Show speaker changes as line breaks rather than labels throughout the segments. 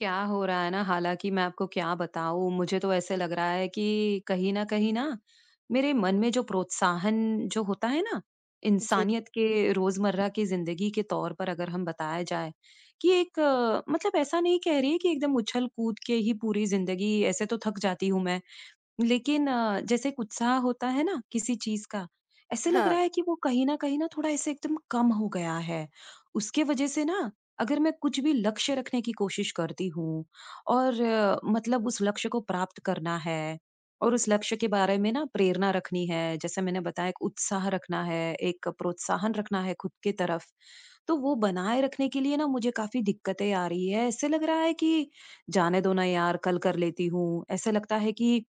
क्या हो रहा है ना, हालाँकि मैं आपको क्या बताऊँ मुझे तो ऐसा लग रहा है कि कहीं न कहीं न मेरे मन में जो प्रोत्साहन जो होता है ना,
जी।
इंसानियत के रोज़मर्रा की ज़िंदगी के तौर पर, अगर हम बताया जाए कि एक मतलब ऐसा नहीं कह रही है कि एकदम उछल-कूद के ही पूरी ज़िंदगी ऐसे तो थक जाती हूँ मैं। लेकिन अ, जैसे एक उत्साह होता है ना, किसी चीज़ का, ऐसे लग रहा
हाँ।
है कि वो कहीं न कहीं न थोड़ा ऐसे एकदम कम हो गया है। उसके वज़ह से न, अगर मैं कुछ भी लक्ष्य रखने की कोशिश करती हूँ और मतलब उस लक्ष्य को प्राप्त करना है और उस लक्ष्य के बारे में न प्रेरणा रखनी है। जैसे मैंने बताया, एक उत्साह रखना है, एक प्रोत्साहन रखना है ख़ुद की तरफ। तो वो बनाए रखने के लिए न मुझे काफ़ी दिक्कतें आ रही हैं, ऐसे लग रहा है कि जाने दो न यार, कल कर लेती हूँ। ऐसे लगता है कि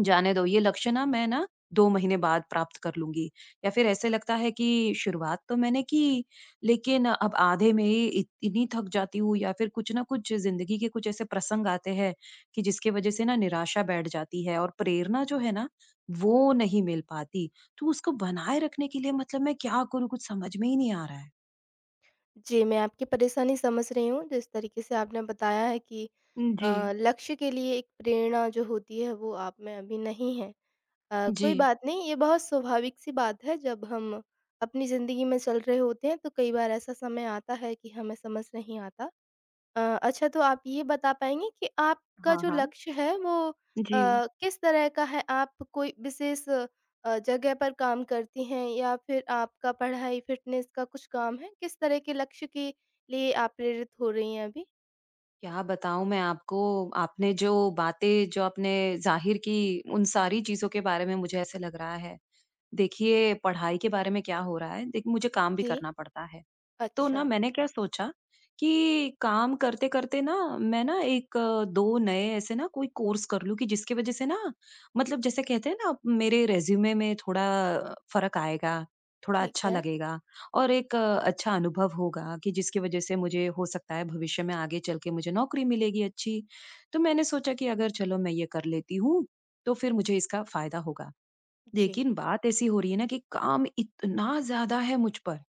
जाने दो ये लक्ष्य न, मैं ना 2 महीने बाद प्राप्त कर लूँगी या फ़िर ऐसे लगता है कि शुरुआत तो मैंने की लेकिन अब आधे में इ इतनी थक जाती हूँ। या फ़िर कुछ न कुछ ज़िंदगी के कुछ ऐसे प्रसंग आते हैं कि जिसकी वज़ह से न निराशा बैठ जाती है और प्रेरणा जो है ना, वो नहीं मिल पाती। तो उसको बनाए रखने के लिए मतलब मैं क्या करूँ? कुछ समझ में ही नहीं आ रहा है।
जी, मैं आपकी परेशानी समझ रही हूँ। जिस तरीक़े से आपने बताया है कि
जी।
अ, लक्ष्य के लिए एक प्रेरणा जो होती है वो आप में अभी नहीं है। अ, कोई
जी।
बात नहीं, ये बहुत स्वाभाविक सी बात है। जब हम अपनी ज़िन्दगी में चल रहे होते हैं तो कई बार ऐसा समय आता है कि हमें समझ नहीं आता। अ, अच्छा तो आप ये बता पाएँगे कि आपका
हाँ,
जो
हाँ।
लक्ष्य है वो
जी।
अ, किस तरह का है? आप कोई विशेष जगह पर काम करती हैं? या फिर आपका पढ़ाई फ़िटनेस का कुछ काम है? किस तरह के लक्ष्य के लिए आप प्रेरित हो रही हैं अभी?
क्या बताऊँ मैं आपको, आपने जो बातें जो आपने ज़ाहिर की उन सारी चीज़ों के बारे में मुझे ऐसा लग रहा है। देखिए पढ़ाई के बारे में क्या हो रहा है देखिए मुझे काम भी
जी।
करना पड़ता है। तो ना
अच्छा।
मैंने क्या सोचा कि काम करते करते ना मैं ना 1-2 नए ऐसे ना कोई कोर्स कर लूँ कि जिसकी वज़ह से ना मतलब जैसे कहते हैं ना मेरे रिज़्यूमे में थोड़ा फ़र्क आएगा, थोड़ा
ठीक
अच्छा
है।
लगेगा और एक अच्छा अनुभव होगा कि जिसकी वज़ह से मुझे हो सकता है भविष्य में आगे चल के मुझे नौकरी मिलेगी अच्छी। तो मैंने सोचा कि अगर चलो मैं ये कर लेती हूँ तो फिर मुझे इसका फ़ायदा होगा।
जी।
लेकिन बात ऐसी हो रही है ना कि काम इतना ज़्यादा है मुझ पर।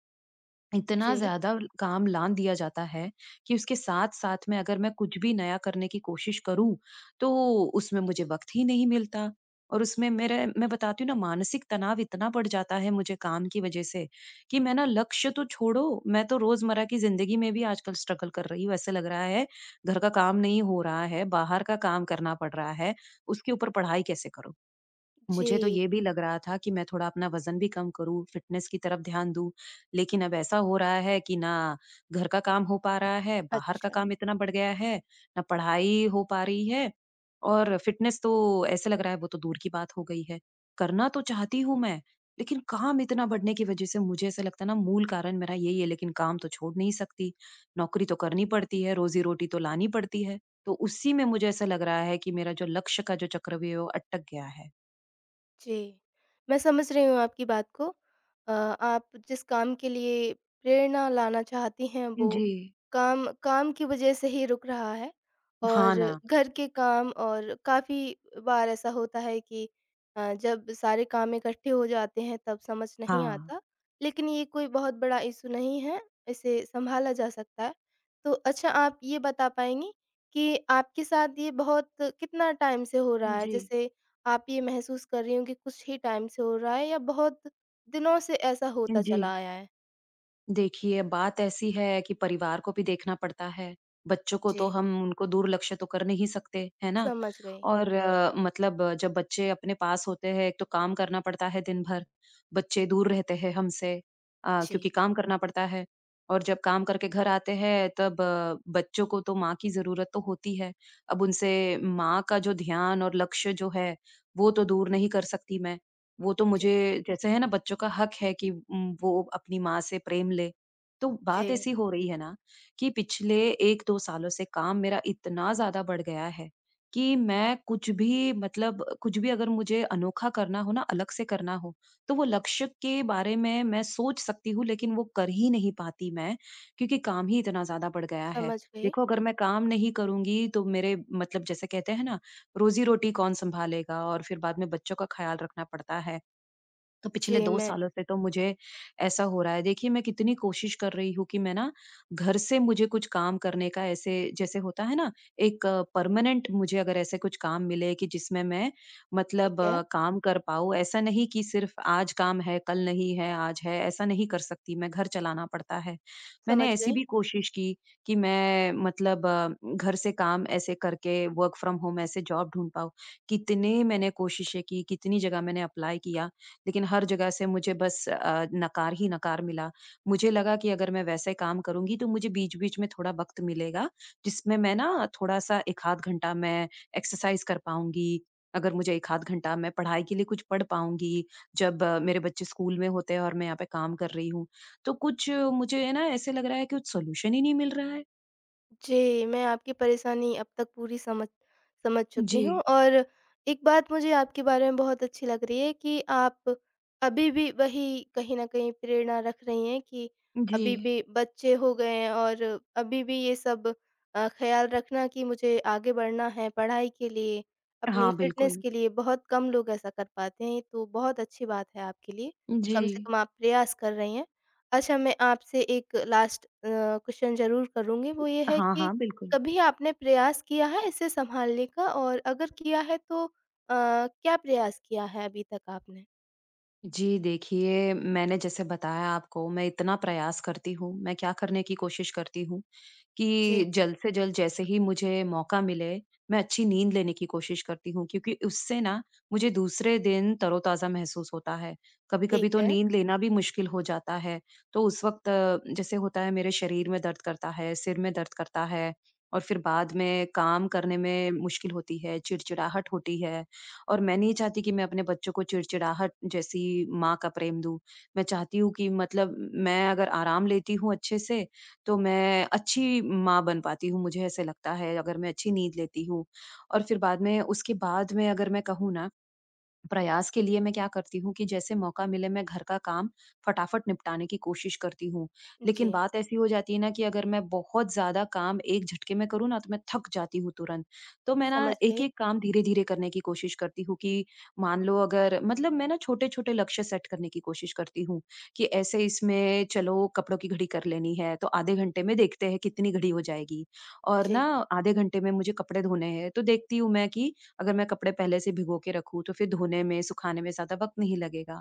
इतना
जी।
ज़्यादा काम लांद दिया जाता है कि उसके साथ-साथ में अगर मैं कुछ भी नया करने की कोशिश करूँ तो उसमें मुझे वक़्त ही नहीं मिलता। और उसमें मेरे मैं बताती हूँ ना मानसिक तनाव इतना बढ़ जाता है मुझे काम की वज़ह से कि मैं ना लक्ष्य तो छोड़ो मैं तो रोज़मर्रा की ज़िन्दगी में भी आजकल स्ट्रगल कर रही हूँ। ऐसा लग रहा है घर का काम नहीं हो रहा है, बाहर का काम करना पड़ रहा है, उसके ऊपर पढ़ाई कैसे करूँ। मुझे तो
जी।
ये भी लग रहा था कि मैं थोड़ा अपना वज़न भी कम करूँ, फ़िटनेस की तरफ ध्यान दूँ, लेकिन अब ऐसा हो रहा है कि ना घर का काम हो पा रहा है बाहर का
अच्छा।
काम इतना बढ़ गया है, ना पढ़ाई हो पा रही है और फ़िटनेस तो ऐसे लग रहा है वो तो दूर की बात हो गई है। करना तो चाहती हूँ मैं लेकिन काम इतना बढ़ने की वज़ह से मुझे ऐसे लगता है ना मूल कारण मेरा यही है लेकिन काम तो छोड़ नहीं सकती। नौकरी तो करनी पड़ती है, रोज़ी रोटी तो लानी पड़ती है। तो उसी में मुझे ऐसा लग रहा है कि मेरा जो लक्ष्य का जो चक्रव्यूह अटक गया है।
जी, मैं समझ रही हूँ आपकी बात को। अ, आप जिस काम के लिए प्रेरणा लाना चाहती हैं वो
जी।
काम काम की वज़ह से ही रुक रहा है। और
हाँ ना।
घर के काम और काफ़ी बार ऐसा होता है कि अ, जब सारे काम इकट्ठे हो जाते हैं तब समझ नहीं
हाँ।
आता, लेकिन ये कोई बहुत बड़ा इश्यू नहीं है इसे सँभाला जा सकता है। तो अच्छा आप ये बता पाएँगी कि आपके साथ ये बहुत कितना टाइम से हो रहा
उ,
है
जी।
जैसे आप ये महसूस कर रही हो कि कुछ ही टाइम से हो रहा है या बहुत दिनों से ऐसा
अ,
होता
जी।
चला आया है?
देखिए बात ऐसी है कि परिवार को भी देखना पड़ता है, बच्चों को तो
जी।
हम उनको दुर्लक्ष्य तो कर नहीं सकते, है ना?
समझ गई।
और मतलब जब बच्चे अपने पास होते हैं तो काम करना पड़ता है दिन-भर, बच्चे दूर रहते हैं हम से अ,
जी।
क्योंकि काम करना पड़ता है, और जब काम करके घर आते हैं तब बच्चों को तो माँ की ज़रूरत तो होती है। अब उनसे माँ का जो ध्यान और लक्ष्य जो है वो तो दूर नहीं कर सकती मैं, वो तो
जी।
मुझे जैसे है ना, बच्चों का हक है कि उम, वो अपनी माँ से प्रेम लें। तो बात
जी।
ऐसी हो रही है न कि पिछले 1-2 सालों से काम मेरा इतना ज़्यादा बढ़ गया है कि मैं कुछ भी मतलब कुछ भी अगर मुझे अनोखा करना हो ना अलग से करना हो, तो वो लक्ष्य के बारे में मैं सोच सकती हूँ लेकिन वो कर ही नहीं पाती मैं क्योंकि काम ही इतना ज़्यादा बढ़ गया है,
समझ गई।
देखो अगर मैं काम नहीं करूँगी तो मेरे मतलब जैसे कहते हैं ना, रोज़ी-रोटी कौन सँभालेगा? और फिर बाद में बच्चों का ख़्याल रखना पड़ता है। तो पिछले
जी,
2
मैं
सालों से तो मुझे ऐसा हो रहा है, देखिए मैं कितनी कोशिश कर रही हूँ कि मैं ना घर से मुझे कुछ काम करने का ऐसे जैसे होता है न एक परमानेंट मुझे अगर ऐसे कुछ काम मिले कि जिसमें मैं मतलब
ठीक है।
काम कर पाऊँ ऐसा नहीं कि सिर्फ आज काम है, कल नहीं है, आज है, ऐसा नहीं कर सकती मैं घर चलाना पड़ता है। मैंने
समझ
ऐसी
गयी।
भी कोशिश की कि मैं मतलब घर से काम ऐसे करके वर्क फ्रॉम होम ऐसे जॉब ढूँढ पाऊँ, कितने मैंने कोशिशें की, कितनी जगह मैंने अप्लाई किया, लेकिन हर जगह से मुझे बस अ, नकार ही नकार मिला। मुझे लगा कि अगर मैं वैसे काम करूँगी तो मुझे बीच-बीच में थोड़ा वक्त मिलेगा जिसमें मैं न थोड़ा-सा 1 आध घंटा मैं एक्सरसाइज कर पाऊँगी, अगर मुझे 1 आध घंटा मैं पढ़ाई के लिए कुछ पढ़ पाऊँगी जब मेरे बच्चे स्कूल में होते हैं और मैं यहाँ पे काम कर रही हूँ। तो कुछ मुझे है ना, ऐसे लग रहा है कि कुछ सॉल्यूशन ही नहीं मिल रहा है।
जी, मैं आपकी परेशानी अब तक पूरी समझ समझ चुकी हूँ।
जी।
और एक बात मुझे आपके बारे में बहुत अच्छी लग रही है कि आप अभी भी वही कहीं न कहीं प्रेरणा रख रही हैं कि अभी
जी।
भी बच्चे हो गए हैं और अभी भी ये सब अ, ख्याल रखना कि मुझे आगे बढ़ना है पढ़ाई के लिए, अपनी
हाँ,
फ़िटनेस
बिल्कुल।
के लिए। बहुत कम लोग ऐसा कर पाते हैं, तो बहुत अच्छी बात है आपके लिए, कम से
जी।
कम आप प्रयास कर रही हैं। अच्छा, मैं आपसे एक लास्ट अ, क्वेश्चन ज़रूर करुँगी। वो ये है
हाँ,
कि
हाँ, बिल्कुल।
कभी आपने प्रयास किया है इसे सँभालने का, और अगर किया है तो अ, क्या प्रयास किया है अभी तक आपने?
जी, देखिए, मैंने जैसे बताया आपको, मैं इतना प्रयास करती हूँ। मैं क्या करने की कोशिश करती हूँ कि
जी।
जल्द से जल्द जैसे ही मुझे मौका मिले, मैं अच्छी नींद लेने की कोशिश करती हूँ क्योंकि उससे ना मुझे दूसरे दिन तरोताज़ा महसूस होता है।
ठीक
कभी-कभी तो
है।
नींद लेना भी मुश्किल हो जाता है, तो उस वक़्त जैसे होता है मेरे शरीर में दर्द करता है, सिर में दर्द करता है, और फिर बाद में काम करने में मुश्किल होती है, चिड़चिड़ाहट होती है। और मैं नहीं चाहती कि मैं अपने बच्चों को चिड़चिड़ाहट जैसी माँ का प्रेम दूँ। मैं चाहती हूँ कि मतलब मैं अगर आराम लेती हूँ अच्छे से, तो मैं अच्छी माँ बन पाती हूँ, मुझे ऐसे लगता है, अगर मैं अच्छी नींद लेती हूँ। और फिर बाद में उसके बाद में अगर मैं कहूँ ना, प्रयास के लिए मैं क्या करती हूँ कि जैसे मौका मिले, मैं घर का काम फ़टाफ़ट निपटाने की कोशिश करती हूँ। लेकिन
जी।
बात ऐसी हो जाती है ना कि अगर मैं बहुत ज़्यादा काम एक झटके में करूँ ना, तो मैं थक जाती हूँ तुरंत। तो मैं ना
समझ गई।
एक-एक काम धीरे-धीरे करने की कोशिश करती हूँ कि मान लो अगर मतलब मैं ना छोटे-छोटे लक्ष्य सेट करने की कोशिश करती हूँ कि ऐसे इसमें चलो कपड़ों की घड़ी कर लेनी है, तो आधे घंटे में देखते हैं कितनी घड़ी हो जाएगी। और ना
जी।
आधे घंटे में मुझे कपड़े धोने हैं, तो देखती हूँ मैं कि अगर मैं कपड़े पहले से भिंगो के रखूँ, तो फिर धोने में, सुखाने में ज़्यादा वक्त नहीं लगेगा।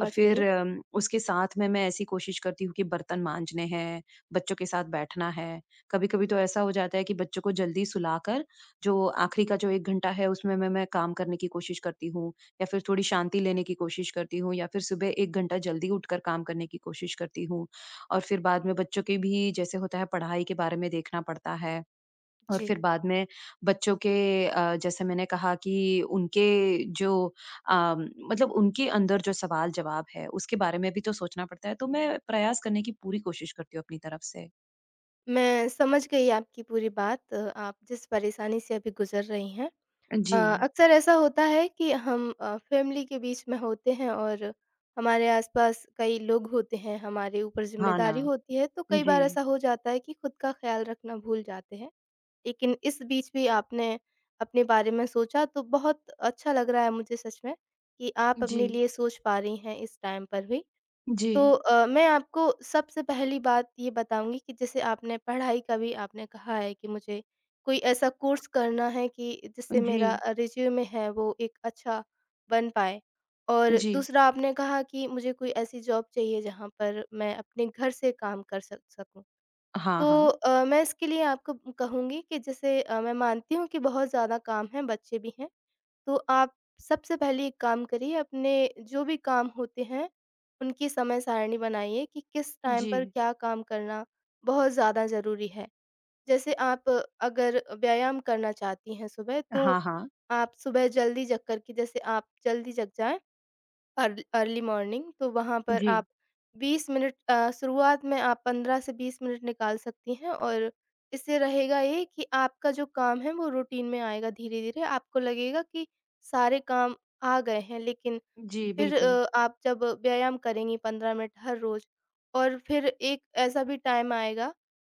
और फिर
गई।
अम उसके साथ में मैं ऐसी कोशिश करती हूँ कि बर्तन माँजने हैं, बच्चों के साथ बैठना है। कभी-कभी तो ऐसा हो जाता है कि बच्चों को जल्दी सुलाकर, जो आखिरी का जो 1 घंटा है, उसमें मैं मैं काम करने की कोशिश करती हूँ, या फिर थोड़ी शांति लेने की कोशिश करती हूँ, या फिर सुबह 1 घंटा जल्दी उठकर काम करने की कोशिश करती हूँ। और फिर बाद में बच्चों के भी जैसे होता है पढ़ाई के बारे में देखना पड़ता है। और
जी।
फिर बाद में बच्चों के अ, जैसे मैंने कहा कि उनके जो अ, मतलब उनके अंदर जो सवाल-जवाब हैं उसके बारे में भी तो सोचना पड़ता है। तो मैं प्रयास करने की पूरी कोशिश करती हूँ अपनी तरफ से।
मैं समझ गई आपकी पूरी बात अ, आप जिस परेशानी से अभी गुज़र रही हैं।
अ,
अ,
जी
अक्सर ऐसा होता है कि हम अ, फ़ैमिली के बीच में होते हैं और हमारे आस-पास कई लोग होते हैं, हमारे ऊपर
हाँ ना,
ज़िम्मेदारी होती है तो कई बार
जी।
ऐसा हो जाता है कि ख़ुद का ख़्याल रखना भूल जाते हैं। लेकिन इस बीच भी आपने अपने बारे में सोचा तो बहुत अच्छा लग रहा है मुझे सच में कि आप अपने
जी।
लिए सोच पा रही हैं इस टाइम पर भी। तो
जी।
अ, मैं आपको सबसे पहली बात ये बताऊँगी कि जैसे आपने पढ़ाई का भी आपने कहा है कि मुझे कोई ऐसा कोर्स करना है कि
अ,
जिससे मेरा
जी।
रिज़्यूम है वो एक अच्छा बन पाए। और
जी।
दूसरा आपने कहा कि मुझे कोई ऐसी जॉब चाहिए जहाँ पर मैं अपने घर से काम कर सक सकूँ।
हाँ,
तो
हाँ।
अ, मैं इसके लिए आपको कहूँगी कि जैसे अ, मैं मानती हूँ कि बहुत ज़्यादा काम है, बच्चे भी हैं। तो आप सबसे पहले एक काम करिए अपने जो भी काम होते हैं उनकी समय सारिणी बनाइए कि किस टाइम पर
जी।
क्या काम करना बहुत ज़्यादा ज़रूरी है। जैसे आप अगर व्यायाम करना चाहती हैं सुबह तो
हाँ, हाँ।
आप सुबह जल्दी जग करके जैसे आप जल्दी जग जाएँ अर अर्ली मॉर्निंग तो वहाँ पर आप
जी।
20 मिनट अ, शुरुआत में आप 15 से 20 मिनट निकाल सकती हैं और इससे रहेगा ये कि आपका जो काम है वो रूटीन में आएगा धीरे-धीरे। आपको लगेगा कि सारे काम आ गए हैं लेकिन
जी,
फिर
बिल्कुल।
अ, आप जब व्यायाम करेंगी 15 मिनट हर रोज़ और फिर एक ऐसा भी टाइम आएगा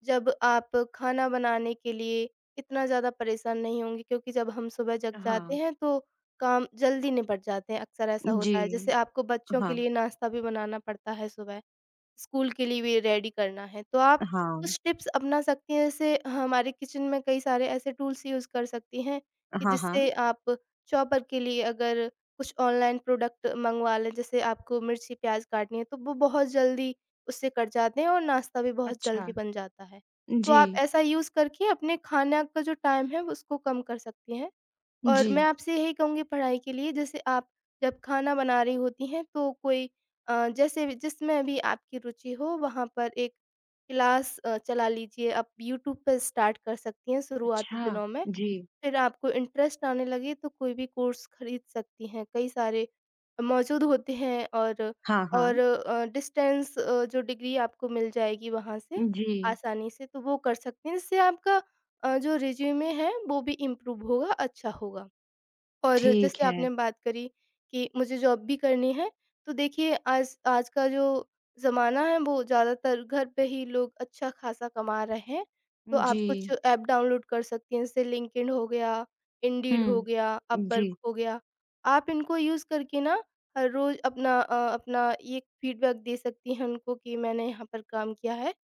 जब आप खाना बनाने के लिए इतना ज़्यादा परेशान नहीं होंगे क्योंकि जब हम सुबह जग जाते
हाँ।
हैं तो काम जल्दी निपट जाते हैं, अक्सर ऐसा होता है। जैसे
जी।
आपको बच्चों के
हाँ।
लिए नाश्ता भी बनाना पड़ता है सुबह, स्कूल के लिए भी रेडी करना है। तो आप
हाँ।
कुछ टिप्स अपना सकती हैं जैसे हमारे किचन में कई सारे ऐसे टूल्स यूज़ कर सकती हैं कि
हाँ,
जिससे
हाँ।
आप चॉपर के लिए अगर कुछ ऑनलाइन प्रोडक्ट मँगवा लें जैसे आपको मिर्ची प्याज काटनी है तो वो बहुत जल्दी उससे कट जाते हैं और नाश्ता भी बहुत
अच्छा।
जल्दी बन जाता है। तो आप
जी।
ऐसा यूज़ करके अपने खाने का जो टाइम है उसको कम कर सकती हैं। और मैं
जी।
आपसे यही कहूँगी पढ़ाई के लिए जैसे आप जब खाना बना रही होती हैं तो कोई अ, जैसे जिसमें भी आपकी रुचि हो वहाँ पर 1 क्लास अ, चला लीजिए, आप यूट्यूब पर स्टार्ट कर सकती हैं शुरुआती
अच्छा,
दिनों में।
जी।
फिर आपको इंटरेस्ट आने लगे तो कोई भी कोर्स खरीद सकती हैं, कई सारे मौजूद होते हैं और
हाँ,
और
हाँ।
अ, डिस्टेंस अ, जो डिग्री आपको मिल जाएगी वहाँ से
उ जी।
आसानी से। तो वो कर सकते हैं, जिससे आपका अ, जो रिज़्यूमे है, वो भी इम्प्रूव होगा, अच्छा होगा। और
ठीक
जैसे
है।
आपने बात करी कि मुझे जॉब भी करनी है तो देखिए आज आज का जो ज़माना है वो ज़्यादातर घर पे ही लोग अच्छा ख़ासा कमा रहे हैं। तो
उ
आप कुछ
जी।
ऐप डाउनलोड कर सकती हैं जैसे लिंक्डइन हो गया, इंडीड हो
हुँ।
गया, अपवर्क
जी।
हो गया। आप इनको यूज़ करके न हर रोज़ अपना अ, अपना ये फ़ीडबैक दे सकती हैं उनको कि मैंने यहाँ पर काम किया है।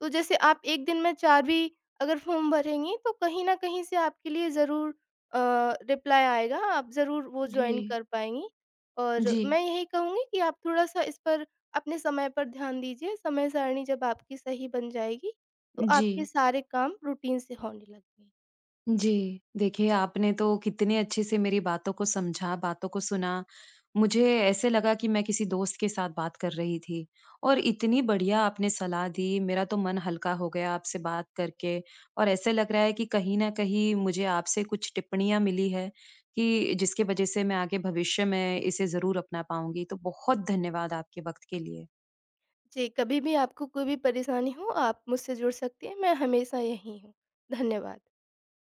तो जैसे आप 1 दिन में 4 भी अगर फ़ॉर्म भरेंगी तो कहीं न कहीं से आपके लिए ज़रूर अ, रिप्लाई आएगा। आप ज़रूर वो जॉइन
जी।
कर पाएँगी। और
जी।
मैं यही कहूँगी कि आप थोड़ा-सा इस पर, अपने समय पर ध्यान दीजिए। समय सारिणी जब आपकी सही बन जाएगी तो आपके
जी।
सारे काम रूटीन से होने लगेगी।
जी। देखिए, आपने तो कितने अच्छे से मेरी बातों को समझा, बातों को सुना। मुझे ऐसे लगा कि मैं किसी दोस्त के साथ बात कर रही थी। और इतनी बढ़िया आपने सलाह दी मेरा तो मन हल्का हो गया आपसे बात करके। और ऐसा लग रहा है कि कहीं न कहीं मुझे आपसे कुछ टिप्पणियाँ मिली हैं कि जिसके वजह से मैं आगे भविष्य में इसे ज़रूर अपना पाऊँगी। तो बहुत धन्यवाद आपके वक़्त के लिए।
जी, कभी भी आपको कोई भी परेशानी हो आप मुझसे जुड़ सकती है। मैं हमेशा यही हूँ। धन्यवाद।